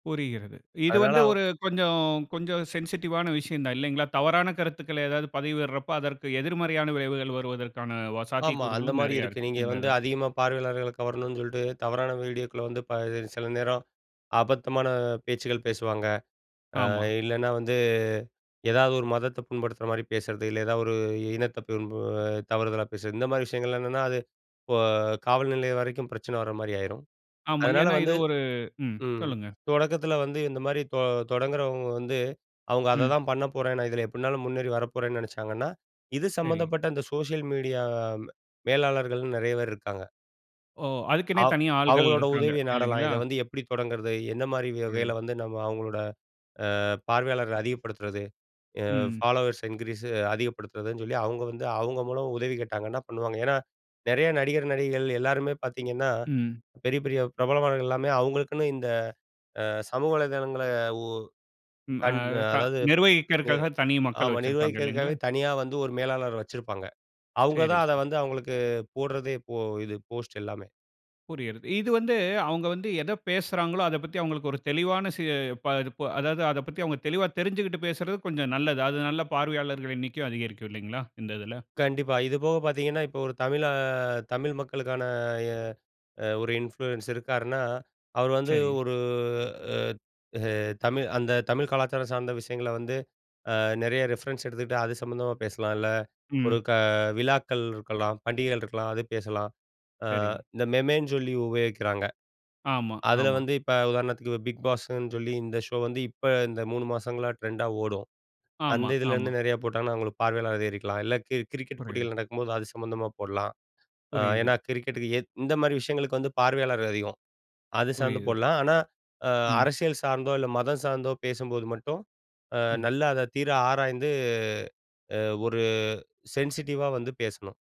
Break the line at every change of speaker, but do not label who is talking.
புரிகிறது. இது
அதனால
வந்து ஒரு
அவ்
கொஞ்சம், கொஞ்சம் சென்சிடிவான விஷயம் தான் இல்லைங்களா? தவறான கருத்துக்கள ஏதாவது பதவிடுறப்போ, அதற்கு எதிர்மறையான விளைவுகள் வருவதற்கான வ சாத்திய
ஆமா அந்த
கூறுகளும்
மாரி
நிறைய
இருக்கு,
இருக்கு.
நீங்க
இந்த
வந்து
இதுல.
அதிகமா பார்வையாளர்கள கவரணுன்னு சொல்லிட்டு தவறான வீடியோக்குள வந்து ப சில நேரம், அபத்தமான பேச்சுக்கள் பேசுவாங்க. ஆ
ஆமா.
இல்லைன்னா வந்து ஏதாவது ஒரு மதத்த புண்படுத்துற மாதிரி பேசுறது, இல்ல ஏதா ஒரு இனத்த புண்ப தவறுதலா பேசுறது, இந்த மாரி விஷயங்கள் என்னென்னா அது இப்போ காவல்நிலையம் வரைக்கும் பிரச்சனை வர மாதிரி ஆயிரும்,
ஆமா.
அதனால
ஏனா இது
வந்து
ஒரு ம்.
ம்
சொல்லுங்க.
தொடக்கத்தில வந்து இந்த மாரி தொ தொடங்குறவங்க வந்து அவங்க
ம்.
அததான் பண்ணப்போறேன் நான் இதில எப்படினாலும் முன்னேறி வரப்போறேன்னு நினைச்சாங்கன்னா, இது
சரி.
சம்மந்தப்பட்ட இந்த சோசியல் மீடியா மேலாளர்கள் நிறைய பேர் இருக்காங்க.
ஓ! அதுக்குனே
ஆ.
தனியா ஆள்கள்
அவங்களோட
இருக்குறாங்க
உதவிய நாடலாம்,
இல்லைங்களா?
இதை வந்து எப்படி தொடங்கிறது? எந்த மாரி
சரி.
வகையில வந்து நம்ம அவங்களோட, ஆ பார்வையாளர்கள் அதிகப்படுத்துறது? எ
ம்.
ஃபாலோவர்ஸ் இன்கிரீஸ் அதிகப்படுத்துறதுன்னு சொல்லி அவங்க வந்து அவங்க மூலமா உதவி கேட்டாங்கனா பண்ணுவாங்க ஏன்னா, நிறைய நடிகர், நடிகைகள் எல்லாருமே பார்த்திங்கன்னா,
ம்.
பெரிய, பெரிய பிரபலமானவர்கள் எல்லாமே அவங்களுக்குன்னு இந்த, ஆ சமூக வலைதளங்கள உ
ம். ஆ
கண்
த
அதாவது நி
நிர்வகிறதற்காக தனி மக்கள்
ஆமா
வச்சு இருக்கிறாங்க இல்லைங்களா?
நிர்வகிக்கிறதுக்காகவே தனியா வந்து ஒரு மேலாளர் வச்சிருப்பாங்க, அவங்க
சேரி,
தான் அத
சரி.
வந்து அவங்களுக்கு போடுறதே இப்போ இது போஸ்ட் எல்லாமே.
புரிகிறது. இது வந்து அவங்க வந்து எத பேசுறாங்களோ, அத பத்தி அவங்களுக்கு ஒரு தெளிவான ச ப த ப அதாவது அத பத்தி அவங்க தெளிவா தெரிஞ்சிகிட்டு பேசுறது கொஞ்சம் நல்லது. அது நல்ல பார்வையாளர்கள் எண்ணிக்கை அதிகரிக்கும் இல்லைங்களா இந்த இதில?
கண்டிப்பா இதுபோக பார்த்திங்கன்னா, இப்போ ஒரு தமிழா தமிழ் மக்களுக்கான எ ஒரு இன்ஃப்ளூயன்ஸர் இருக்காருன்னா, அவர் வந்து
சரிங்க.
ஒரு ஊ தமிழ் அந்த தமிழ் கலாச்சாரம் சார்ந்த விஷயங்கள வந்து நிறைய ஆ ரெஃபரன்ஸ் எடுத்துக்கிட்டு அது சம்மந்தமா பேசலாம் இல்ல, ஒரு
ம்.
க விழாக்கள் இருக்கலாம், பண்டிகைகள் இருக்கலாம், அது பேசலாம். ஆ
சரி.
இந்த மெமேன்னு சொல்லி உபயோகிக்கிறாங்க,
ஆமா,
அதில
ஆமா.
வந்து இப்போ உதாரணத்துக்கு பிக் பாஸ்ஸுன்னு சொல்லி இந்த ஷோ வந்து இப்ப இந்த 3 மாசங்களா ட்ரெண்டா ஓடும். அந்த
ஆமா, ஆமா.
இதுலேருந்து நிறையா போட்டாங்கன்னா அவங்களுக்கு பார்வையாளர் அதிகரிக்கலாம் இல்ல, கி கிரிக்கெட்
புரியுது.
போட்டிகள் நடக்கும்போது அது சம்மந்தமா போடலாம். ஆ
புரியுது.
ஏன்னா கிரிக்கெட்டுக்கு இந்த மாரி விஷயங்களுக்கு வந்து பார்வையாளர் அதிகம், அது சார்ந்து
புரியுது.
போடலாம் ஆனா, ஆ
ம்.
அரசியல் சார்ந்தோ இல்ல மதம் சார்ந்தோ பேசும்போது மட்டும், ஆ
ம்.
நல்லா அத தீர ஆராய்ந்து அ ஒரு சென்சிட்டிவா வந்து பேசணும்.